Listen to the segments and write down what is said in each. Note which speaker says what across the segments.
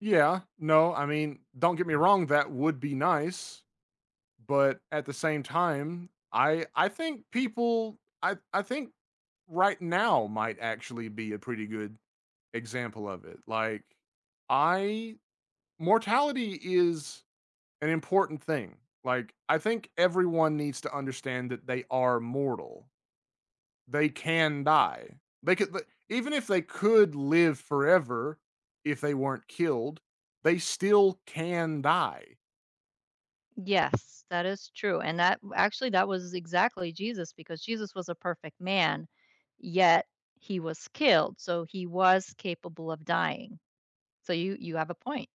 Speaker 1: Yeah, no, I mean, don't get me wrong, that would be nice, but at the same time, I I think people I I think right now might actually be a pretty good example of it. Like, I mortality is an important thing, like, I think everyone needs to understand that they are mortal. They can die. They can the even if they could live forever, if they weren't killed, they still can die.
Speaker 2: Yes, that is true, and that w actually that was exactly Jesus because Jesus was a perfect man, yet he was killed, so he was capable of dying. So, you you have a point.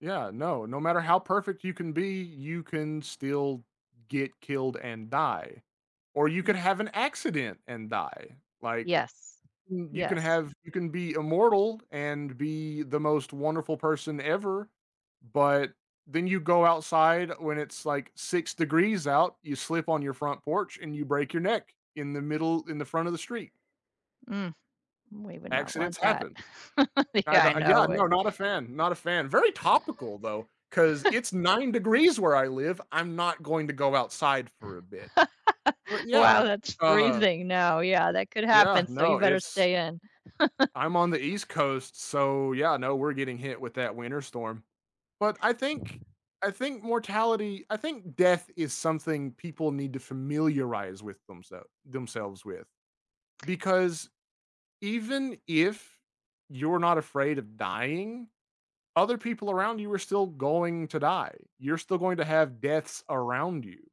Speaker 1: Yeah, no, no matter how perfect you can be, you can still get killed and die, or you
Speaker 2: Ye
Speaker 1: could have an accident and die, like,
Speaker 2: Yes.
Speaker 1: you can
Speaker 2: Yes.
Speaker 1: have you can be immortal and be the most wonderful person ever, but then you go outside when it's like 6 degrees out, you slip on your front porch, and you break your neck in the middle in the front of the street.
Speaker 2: Mm. We would not
Speaker 1: Accidents
Speaker 2: want that.
Speaker 1: happen. I
Speaker 2: Yeah, I
Speaker 1: yeah,
Speaker 2: know
Speaker 1: no,
Speaker 2: it.
Speaker 1: not a fan, not a fan. Very topical though, 'cause it's 9 degrees where I live, I'm not going to go outside for a bit. But
Speaker 2: Wow,
Speaker 1: yeah,
Speaker 2: that's
Speaker 1: uh
Speaker 2: freezing. No, yeah, that could
Speaker 1: Yeah,
Speaker 2: happen, so
Speaker 1: no,
Speaker 2: you better
Speaker 1: it's
Speaker 2: stay in.
Speaker 1: I'm on the east coast, so, yeah, no, we're getting hit with that winter storm. But I think I think mortality I think death is something people need to familiarize with themselves themselves with, because even if you're not afraid of dying, other people around you are still going to die. You're still going to have deaths around you.